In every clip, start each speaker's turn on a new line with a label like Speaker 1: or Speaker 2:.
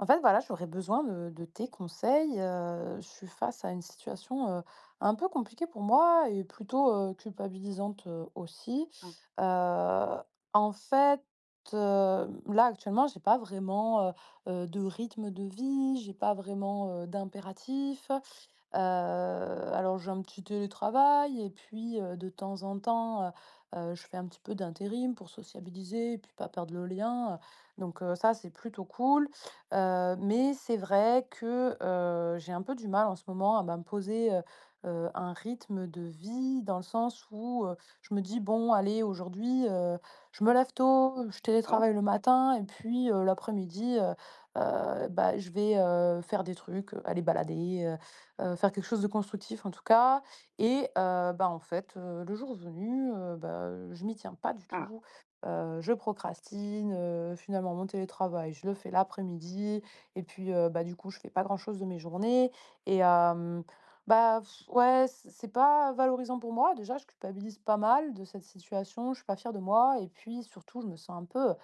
Speaker 1: En fait, voilà, j'aurais besoin de de tes conseils, heu, je suis face à une situation, heu, un peu compliquée pour moi et plutôt, heu, culpabilisante, heu, aussi,
Speaker 2: Ah.
Speaker 1: heu, en fait, heu, là, actuellement, j'ai pas vraiment, heu heu, de rythme de vie. J'ai pas vraiment, heu, d'impératif, heu, alors, j'ai un petit télétravail et puis, heu, de temps en temps, heu heu, je fais un petit peu d'intérim pour sociabiliser puis pas perdre le lien, heu, donc heu, ça, c'est plutôt cool, heu, mais c'est vrai que, heu, j'ai un peu du mal, en ce moment, à m'imposer, heu heu, un rythme de vie, dans le sens où heu, je me dis: «Bon, allez, aujourd'hui, heu, je me lève tôt, je
Speaker 2: D'accord
Speaker 1: télétravaille le matin et puis heu, l'après-midi, heu heu, bah, je vais, heu, faire des trucs, aller balader, heu heu, faire quelque chose de constructif, en tout cas» et heu, bah, en fait, heu, le jour venu, heu, bah, heu, je m'y tiens pas du
Speaker 2: Ah!
Speaker 1: tout, heu, je procrastine, heu, finalement, mon télétravail, je le fais l'après-midi et puis heu, bah, du coup, je fais pas grand-chose de mes journées et hem, bah, ouais, c c'est pas valorisant pour moi, déjà, je culpabilise pas mal de cette situation. Je suis pas fière de moi et puis surtout, je me sens un peu, heu,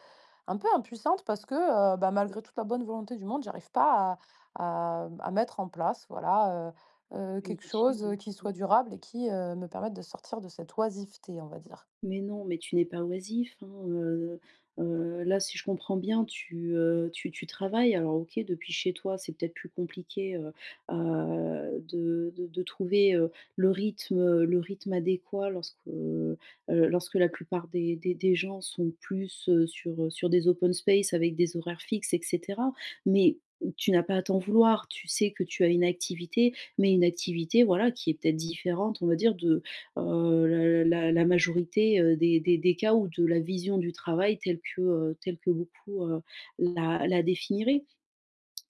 Speaker 1: un peu impuissante parce que, heu, bah, malgré toute la bonne volonté du monde, j'arrive pas à à m à mettre en place, voilà, heu heu,
Speaker 2: Une
Speaker 1: quelque
Speaker 2: routine,
Speaker 1: chose, heu,
Speaker 2: oui,
Speaker 1: qui
Speaker 2: mmh.
Speaker 1: soit durable et qui, heu, me permette de sortir de cette oisiveté, on va dire.
Speaker 2: Mais non mais tu n'es pas oisif, hein, heu heu, là, si je comprends bien, tu, heu, tu tu travailles alors, OK, depuis chez toi, c'est peut-être plus compliqué, heu heu, de de de trouver, heu, le rythme, heu, le rythme adéquat lorsque, heu heu, lorsque la plupart des des des gens sont plus, heu, sur sur des open spaces avec des horaires fixes et cetera mais tu n'as pas à t'en vouloir. Tu sais que tu as une activité mais une activité, voilà, qui est, peut-être, différente, on va dire, de, heu, l la la majorité, heu, des des des cas ou de la vision du travail telle que, heu, telle que beaucoup, heu, la la définiraient.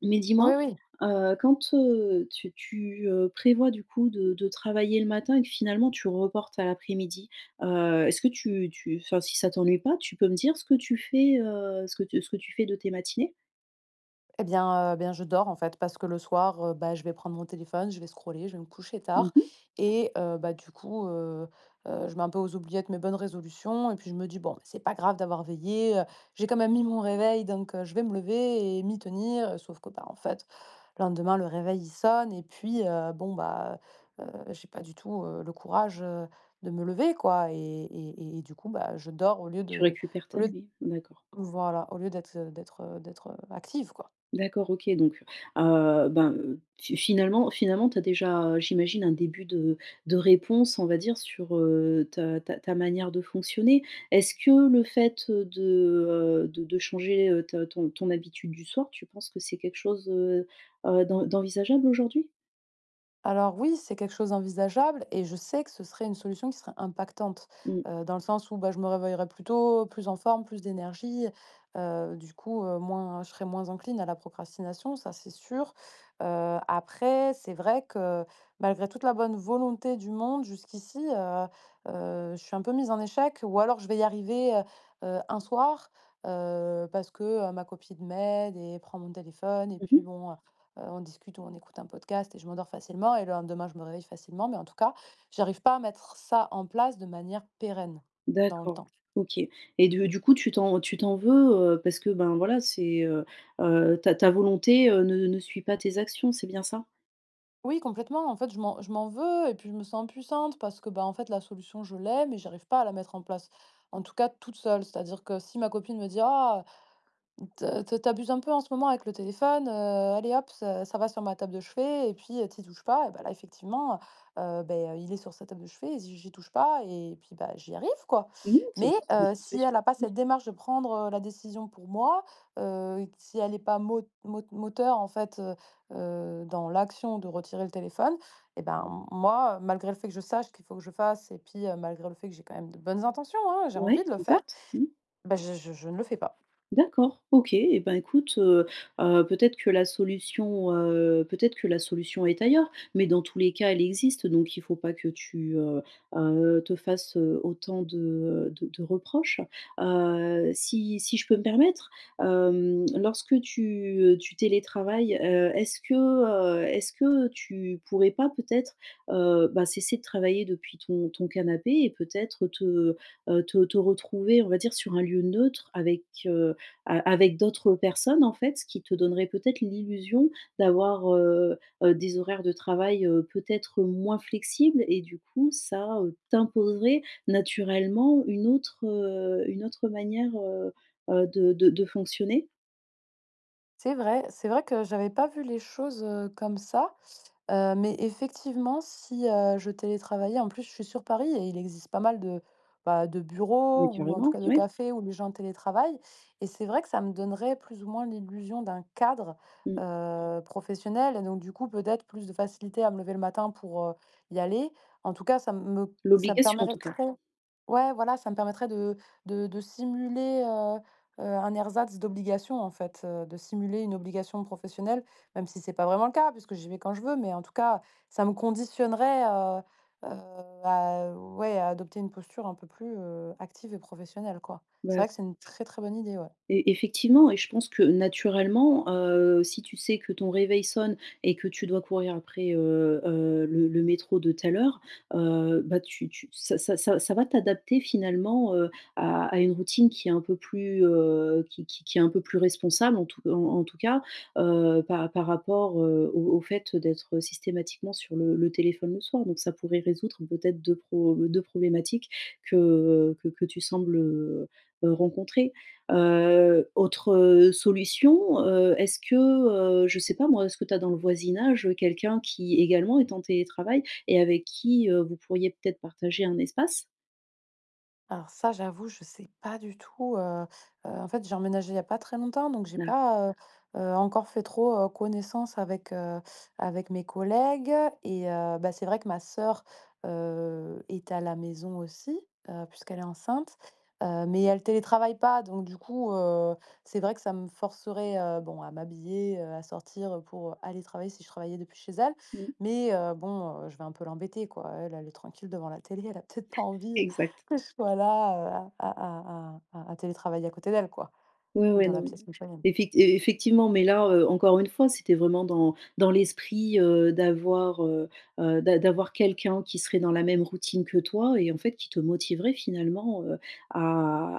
Speaker 2: Mais
Speaker 1: Oui,
Speaker 2: dis-moi,
Speaker 1: oui.
Speaker 2: heu, quand, heu, tu tu, heu, prévois, du coup, de de travailler le matin et que finalement, tu reportes à l'après-midi, heu, est-ce que tu tu enfin, si ça t'ennuie pas, tu peux me dire ce que tu fais, heu, ce que ce que tu fais de tes matinées?
Speaker 1: Eh, bien, heu, eh bien, je dors en fait parce que le soir, heu, bah, je vais prendre mon téléphone, je vais scroller, je vais me coucher
Speaker 2: Mmh
Speaker 1: tard
Speaker 2: mh.
Speaker 1: et heu, bah, du coup, heu heu, je mets un peu aux oubliettes mes bonnes résolutions et puis je me dis: «Bon, c'est pas grave d'avoir veillé, heu, j'ai quand même mis mon réveil donc je vais me lever et m'y tenir». Sauf que ben, en fait, le lendemain, le réveil, il sonne et puis heu, bon, bah, heu heu, j'ai pas du tout, heu, le courage, heu, de me lever, quoi et et et et du coup, bah, je dors au lieu
Speaker 2: Tu
Speaker 1: de
Speaker 2: récupères
Speaker 1: au
Speaker 2: ta
Speaker 1: lieu d
Speaker 2: nuit? D'accord.
Speaker 1: voilà, au lieu d'être, heu d'être, heu d'être, heu, active, quoi.
Speaker 2: D'accord. OK, donc heu, ben, heu, t finalement finalement, tu as déjà, heu, j'imagine, un début de de réponse, on va dire, sur, heu, ta ta ta manière de fonctionner. Est-ce que le fait, heu, de, heu, de de changer, heu, t ton ton habitude du soir, tu penses que c'est quelque chose, heu heu, d'en d'envisageable aujourd'hui?
Speaker 1: Alors oui, c'est quelque chose envisageable et je sais que ce serait une solution qui serait impactante,
Speaker 2: Mmh.
Speaker 1: heu, dans le sens où, bah, je me réveillerais plus tôt, plus en forme, plus d'énergie, heu, du coup, heu, moins je serais moins encline à la procrastination. Ça, c'est sûr, heu, après, c'est vrai que, malgré toute la bonne volonté du monde jusqu'ici, heu heu, je suis un peu mise en échec ou alors je vais y arriver, heu heu, un soir, heu, parce que, heu, ma copine m'aide et prend mon téléphone et
Speaker 2: Mmh
Speaker 1: puis
Speaker 2: mh.
Speaker 1: bon, heu heu, on discute ou on écoute un podcast et je m'endors facilement et le lendemain, je me réveille facilement. Mais en tout cas, j'arrive pas à mettre ça en place de manière pérenne, dans le
Speaker 2: D'accord.
Speaker 1: temps.
Speaker 2: OK et de du coup, tu t'en tu t'en veux, heu, parce que, ben, voilà, c'est, heu heu, ta ta volonté, heu, ne ne suit pas tes actions. C'est bien ça?
Speaker 1: Oui, complètement. En fait, je m'en je m'en veux et puis je me sens impuissante parce que, ben, en fait, la solution, je l'ai mais j'arrive pas à la mettre en place, en tout cas, toute seule. C'est-à-dire que si ma copine me dit: «Ah! Tu tu tu abuses un peu en ce moment avec le téléphone, heu, allez, hop, ça, ça va sur ma table de chevet et puis heu, tu y touches pas» et bah, là, effectivement, heu, beh, il est sur sa table de chevet et j'y j'y touche pas et puis bah, j'y arrive, quoi!
Speaker 2: Mais non, ça
Speaker 1: Mais
Speaker 2: p ça peut
Speaker 1: heu,
Speaker 2: être une
Speaker 1: si
Speaker 2: solution,
Speaker 1: elle a pas
Speaker 2: mmh.
Speaker 1: cette démarche de prendre, heu, la décision pour moi, heu, si elle est pas mo mot moteur, en fait, heu heu, dans l'action de retirer le téléphone et ben, m moi, malgré le fait que je sache qu'il faut que je fasse et puis heu, malgré le fait que j'ai quand même de bonnes intentions, hein, j'ai envie
Speaker 2: Ouais,
Speaker 1: de le faire,
Speaker 2: exact, mmh.
Speaker 1: bah, je je je ne le fais pas.
Speaker 2: D'accord. OK. Eh, ben, écoute, heu heu, peut-être que la solution, heu, peut-être que la solution est ailleurs mais dans tous les cas, elle existe donc il faut pas que tu, heu heu, te fasses, heu, autant de, heu, de de reproches, heu, si si je peux me permettre, hem, lorsque tu, heu, tu télétravailles, heu, est-ce que, heu, est-ce que tu pourrais pas, peut-être, heu, bah, cesser de travailler depuis ton ton canapé et peut-être te, heu, te te retrouver, on va dire, sur un lieu neutre avec, heu, a avec d'autres personnes, en fait, ce qui te donnerait peut-être l'illusion d'avoir, heu heu, des horaires de travail, heu, peut-être moins flexibles et du coup, ça, heu, t'imposerait naturellement une autre une autre manière, heu heu, de de de fonctionner?
Speaker 1: C'est vrai. C'est vrai que j'avais pas vu les choses, heu, comme ça, heu mais effectivement si, heu, je télétravaillais en plus, je suis sur Paris et il existe pas mal de bah, de bureaux
Speaker 2: Mais
Speaker 1: ou en tout
Speaker 2: carrément,
Speaker 1: cas de
Speaker 2: oui.
Speaker 1: cafés, où des gens télétravaillent. Et c'est vrai que ça me donnerait plus ou moins l'illusion d'un cadre,
Speaker 2: Mmh.
Speaker 1: heu, professionnel. Et donc du coup, peut-être plus de facilité à me lever le matin pour, heu, y aller. En tout cas, ça m me ça me
Speaker 2: L'obligation en tout cas.
Speaker 1: permettrait ouais, voilà, ça me permettrait de de de simuler, heu heu, un ersatz d'obligation, en fait, de simuler une obligation professionnelle même si c'est pas vraiment le cas puisque j'y vais quand je veux mais en tout cas ça me conditionnerait, heu heu, à, heu, ouais, à adopter une posture un peu plus, heu, active et professionnelle, quoi. C'est
Speaker 2: Bah, c
Speaker 1: vrai que c'est une très, très bonne idée, ouais.
Speaker 2: Et effectivement et je pense que naturellement, heu, si tu sais que ton réveil sonne et que tu dois courir après, heu heu, le le métro de telle heure, heu, bah, tu tu ça ça ça ça va t'adapter finalement, heu, à à une routine qui est un peu plus, heu, qui qui qui est un peu plus responsable, en tout en en tout cas, heu, par par rapport, heu, au au fait d'être systématiquement sur le le téléphone le soir. Donc ça pourrait résoudre peut-être 2 pro 2 problématiques que, heu, que que tu sembles, heu heu, rencontrer. Heu, autre solution, heu, est-ce que, heu, je sais pas moi, est-ce que tu as dans le voisinage quelqu'un qui également est en télétravail et avec qui, heu, vous pourriez peut-être partager un espace?
Speaker 1: Alors ça, j'avoue, je sais pas du tout, heu heu, en fait, j'ai emménagé il y a pas très longtemps, donc j'ai
Speaker 2: D'a
Speaker 1: pas, heu heu, encore fait trop, heu, connaissance avec, heu, avec mes collègues. Et heu, bah, c'est vrai que ma sœur, heu, est à la maison aussi, heu, puisqu'elle est enceinte, heu, mais elle télétravaille pas. Donc du coup, heu, c'est vrai que ça me forcerait, heu, bon à m'habiller, heu, à sortir pour aller travailler si je travaillais depuis chez elle.
Speaker 2: Mmh.
Speaker 1: Mais heu, bon, je vais un peu l'embêter, quoi. Elle, elle est tranquille devant la télé, elle a peut-être pas envie
Speaker 2: Exact.
Speaker 1: que je sois là à à à à à télétravailler à côté d'elle quoi,
Speaker 2: Ouais,
Speaker 1: ou
Speaker 2: ouais,
Speaker 1: dans la
Speaker 2: non,
Speaker 1: pièce mitoyenne.
Speaker 2: effect effectivement. Mais là, heu, encore une fois, c'était vraiment dans dans l'esprit, heu, d'avoir, heu heu, d'a d'avoir quelqu'un qui serait dans la même routine que toi et heu, en fait, qui te motiverait finalement, heu, à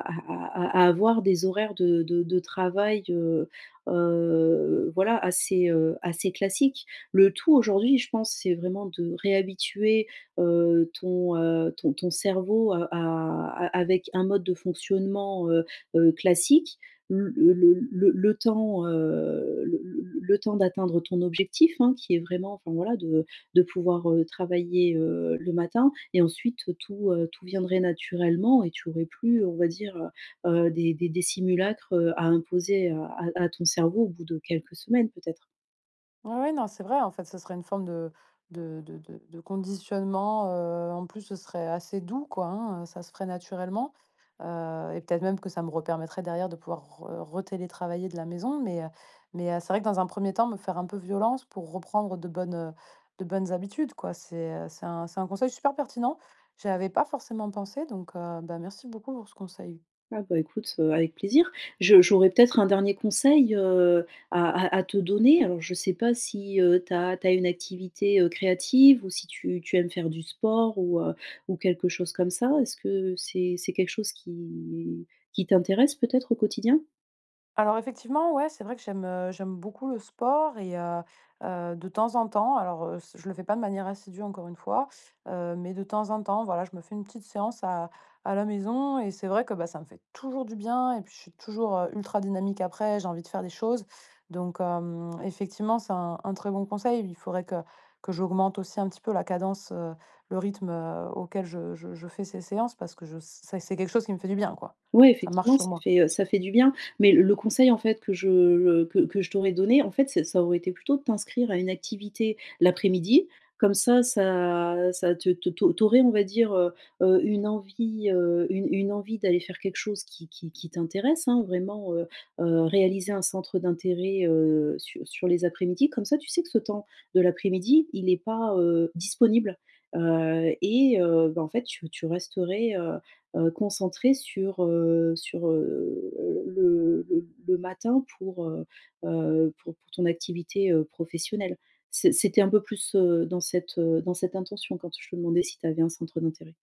Speaker 2: à à à avoir des horaires de de de travail, heu heu, voilà, assez, heu, assez classiques. Le tout aujourd'hui, je pense, c'est vraiment de réhabituer, heu, ton, heu, ton ton cerveau, heu, a a avec un mode de fonctionnement, heu heu, classique. L le le le le temps, heu, le le le le temps d'atteindre ton objectif, hein, qui est vraiment, enfin, voilà, de de pouvoir, heu, travailler, heu, le matin et ensuite tout, heu, tout viendrait naturellement et tu aurais plus, on va dire, heu, des des des simulacres, heu, à imposer à à à ton cerveau au bout de quelques semaines peut-être.
Speaker 1: Ouais, ouais, non, c'est vrai. En fait, ce serait une forme de de de de conditionnement, heu, en plus, ce serait assez doux, quoi, hein, ça se ferait naturellement. Heu et peut-être même que ça me re-permettrait derrière de pouvoir re re-télétravailler de la maison. Mais heu mais heu, c'est vrai que, dans un premier temps, me faire un peu violence pour reprendre de bonnes de bonnes habitudes, quoi. C'est, heu, c'est un c'est un conseil super pertinent. J'y avais pas forcément pensé, donc, heu, bah, merci beaucoup pour ce conseil.
Speaker 2: Ah, bah, écoute, heu, avec plaisir. Je j'aurais peut-être un dernier conseil, heu, à à à te donner alors je sais pas si, heu, tu as tu as une activité, heu, créative ou si tu tu aimes faire du sport ou heu ou quelque chose comme ça. Est-ce que c'est c'est quelque chose qui qui t'intéresse, peut-être, au quotidien?
Speaker 1: Alors, effectivement, ouais, c'est vrai que j'aime, heu, j'aime beaucoup le sport et heu heu, de temps en temps, alors heu, c je le fais pas de manière assidue, encore une fois, heu, mais de temps en temps, voilà, je me fais une petite séance à à la maison et c'est vrai que, bah, ça me fait toujours du bien et puis je suis toujours, heu, ultra dynamique après. J'ai envie de faire des choses donc hem, effectivement, c'est un un très bon conseil. Il faudrait que que j'augmente aussi, un petit peu, la cadence, heu, le rythme, heu, auquel je je je fais ces séances parce que je s c'est c'est quelque chose qui me fait du bien, quoi.
Speaker 2: Ouais,
Speaker 1: Ça marche
Speaker 2: effectivement,
Speaker 1: sur
Speaker 2: ça
Speaker 1: moi.
Speaker 2: fait, heu, ça fait du bien mais l le conseil, en fait, que je, heu, que que je t'aurais donné, en fait, ça ça aurait été plutôt de t'inscrire à une activité, l'après-midi comme ça, ça ça te te tu au tu aurais, on va dire, heu heu, une envie, heu, une une envie d'aller faire quelque chose qui qui qui t'intéresse, hein, vraiment, heu heu, réaliser un centre d'intérêt, heu, su sur les après-midi comme ça, tu sais que ce temps de l'après-midi, il est pas, heu, disponible, heu et heu, ben, en fait, tu tu resterais, heu heu, concentrée sur, heu, sur, heu, le le le matin pour, heu heu, pour pour ton activité, heu, professionnelle. C'est c'était un peu plus, heu, dans cette, heu, dans cette intention quand je te demandais si tu avais un centre d'intérêt.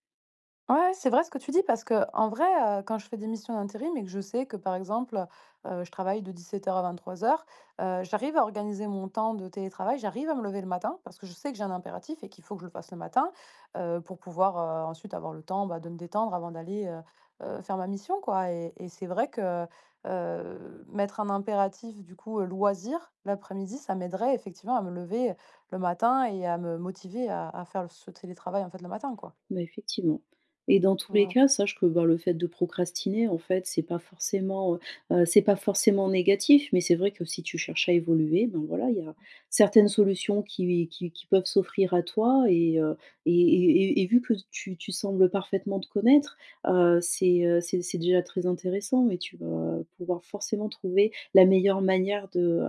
Speaker 1: Ouais, c'est vrai ce que tu dis, parce qu'en vrai, heu, quand je fais des missions d'intérim et que je sais que, par exemple, heu, je travaille de 17:00 à 23:00, heu, j'arrive à organiser mon temps de télétravail. J'arrive à me lever le matin parce que je sais que j'ai un impératif et qu'il faut que je le fasse le matin, heu, pour pouvoir, heu, ensuite avoir le temps, bah, de me détendre avant d'aller, heu heu, faire ma mission, quoi et et c'est vrai que, heu heu, mettre un impératif, du coup, heu, loisir, l'après-midi, ça m'aiderait, effectivement, à me lever le matin et à me motiver à à faire ce télétravail, en fait, le matin, quoi.
Speaker 2: Bah, effectivement et dans tous les
Speaker 1: Mmh.
Speaker 2: cas, sache que, bah, le fait de procrastiner, en fait, c'est pas forcément, heu heu, c'est pas forcément négatif. Mais c'est vrai que, si tu cherches à évoluer, ben, voilà, il y a certaines solutions qui qui qui peuvent s'offrir à toi et heu, et et et vu que tu tu sembles parfaitement te connaître, heu, c'est, heu, c'est c'est déjà très intéressant et tu vas pouvoir forcément trouver la meilleure manière de,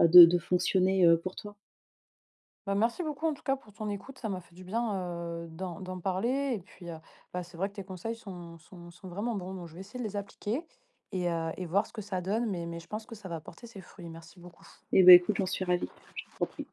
Speaker 2: heu, de de fonctionner, heu, pour toi.
Speaker 1: Bah, merci beaucoup, en tout cas, pour ton écoute. Ça m'a fait du bien, heu, d'en d'en parler et puis, heu, bah, c'est vrai que tes conseils sont sont sont vraiment bons, donc je vais essayer de les appliquer et heu, et voir ce que ça donne. Mais mais je pense que ça va porter ses fruits. Merci beaucoup.
Speaker 2: Eh, bah, écoute, j'en suis ravie. Je t'en prie.